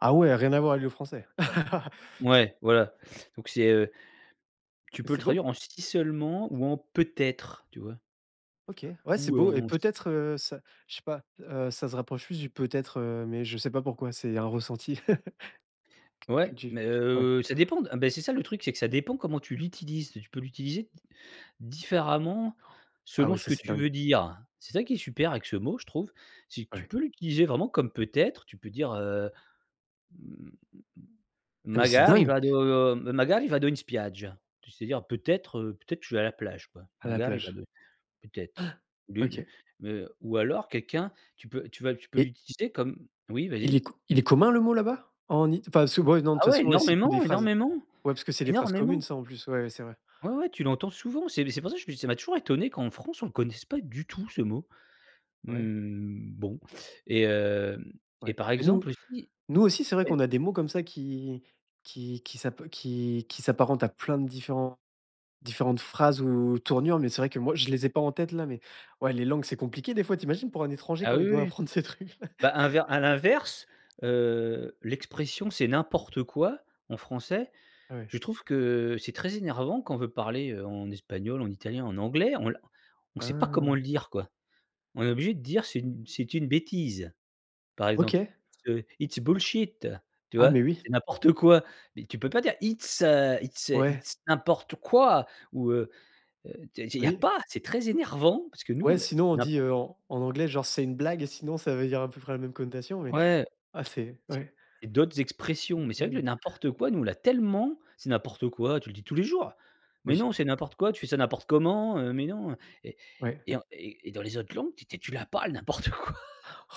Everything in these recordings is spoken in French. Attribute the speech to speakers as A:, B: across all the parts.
A: Ah ouais, rien à voir avec le français.
B: Ouais, voilà, donc c'est, heu tu
A: Mais
B: peux le
A: c'est beau.
B: traduire en: «Si seulement» ou en: «Peut-être», tu vois?
A: OK, ouais c'est
B: Ou heu,
A: beau et
B: en s
A: peut-être, heu, ça je sais pas, heu ça se rapproche plus du peut-être, heu mais je sais pas pourquoi c'est un ressenti. Que
B: Ouais,
A: que du
B: mais
A: Ouais.
B: heu, ça dépend de ah bah c'est ça le truc, c'est que ça dépend comment tu l'utilises. Tu peux l'utiliser d différemment,
A: Ah
B: selon
A: ouais,
B: ce
A: ça
B: que
A: c'est
B: tu veux
A: dingue.
B: dire. C'est ça qui est super avec ce mot, je trouve. C'est que tu
A: Ouais.
B: peux l'utiliser vraiment comme: «peut être», tu peux dire, heu:
A: Et mais c'est
B: «Magari
A: dingue!
B: vado magari vado in spiaggia» tu sais dire: «Peut-être, heu, peut-être, je vais à la plage», quoi.
A: À la
B: «Magari
A: plage.
B: vado», peut être. Au lieu
A: Han!
B: de,
A: OK.
B: heu ou alors quelqu'un, tu peux tu vas tu peux
A: Et
B: l'utiliser comme oui,
A: il est
B: vas-y.
A: co il est commun le mot là-bas? En It enfin, sou ouais, non de toute
B: Ah oui,
A: façon, ouais c'est pour des
B: énormément,
A: phrases,
B: énormément,
A: ouais parce que c'est des phrases
B: énormément.
A: communes ça, en plus ouais, ouais, c'est vrai.
B: Ouais, ouais, tu l'entends souvent, c'est c'est pour ça, je te dis, ça m'a toujours étonné qu'en France, on ne connaisse pas du tout ce mot.
A: Ouais.
B: Mmh, bon et heu et
A: Ouais
B: par
A: et
B: exemple
A: nous
B: aussi
A: nous aussi c'est vrai
B: oui?
A: qu'on a des mots comme ça qui qui qui qui s'ap qui qui s'apparentent à plein de différents différentes phrases ou tournures, mais c'est vrai que moi, je les ai pas en tête là, mais ouais, les langues, c'est compliqué des fois, tu imagines pour un étranger,
B: Ah,
A: quand
B: oui,
A: il doit
B: oui.
A: apprendre ces trucs.
B: Bah, inver à l'inverse, heu, l'expression: «C'est n'importe quoi» en français,
A: Ouais.
B: je trouve que, c'est très énervant quand on veut parler en espagnol, en italien, en anglais, on la on sait pas comment
A: Ah.
B: le dire quoi. On est obligé de dire c'est une c'est une bêtise, par exemple.
A: OK.
B: «It's a it's bullshit», tu
A: Ah
B: vois?
A: mais oui.
B: C'est n'importe quoi, mais tu peux pas dire: «It's heu, it's
A: Ouais.
B: it's n'importe quoi» ou heu, tu sais il y a
A: Oui.
B: pas! C'est très énervant, parce que nous,
A: Ouais,
B: on a
A: sinon on dit,
B: n'importe
A: heu, en en anglais, genre c'est une blague et sinon ça veut dire à peu près la même connotation mais
B: Ouais.
A: ah c'est
B: C'est
A: ouais.
B: et d'autres expressions,
A: Une
B: mais c'est vrai que le,
A: blague.
B: n'importe quoi, nous on l'a tellement: «C'est n'importe quoi», tu le dis tous les jours. «Mais
A: Oui.
B: non, c'est n'importe quoi. Tu fais ça n'importe comment, heu, mais non» et
A: Ouais.
B: et en et et dans les autres langues, té tu l'as pas le n'importe quoi.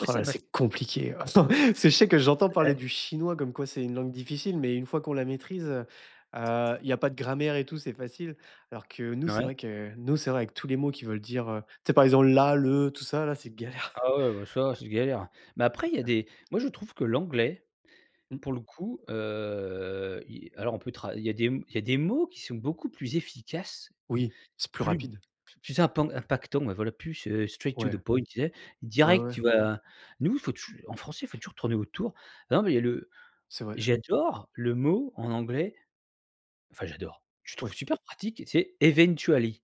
B: Ouais
A: Oh
B: ça
A: la,
B: m'a
A: c'est compliqué. C'est je sais que j'entends parler
B: [unintelligible]
A: du chinois comme quoi c'est une langue difficile, mais une fois que on la maîtrise, heu heu, il y pas de grammaire et tout, c'est facile. Alors que nous, c'est
B: Ouais.
A: vrai que nous, c'est vrai que avec tous les mots qui veulent dire, heu tu sais, par exemple, la, le, tout ça là, c'est galère.
B: Ah ouais, ouais, ouais, ça c'est galère, mais après, il y a
A: [unintelligible]
B: des moi je trouve que l'anglais
A: Mmh.
B: pour le coup, heu, i alors on peut tra il y a des il y a des mots qui sont beaucoup plus efficaces.
A: Oui. C'est plus
B: Plus
A: rapide.
B: plus impan impactant, ouais voilà, plus, heu, straight to the
A: Ouais,
B: point tu sais?
A: ouais, ouais
B: Direct,
A: ouais.
B: tu vois? Nous, faut tou en français, faut toujours tourner autour. Ah non mais le
A: C'est vrai.
B: j'adore le mot en anglais enfin, j'adore. Je trouve
A: Ouais.
B: super pratique, tu sais? Eventually.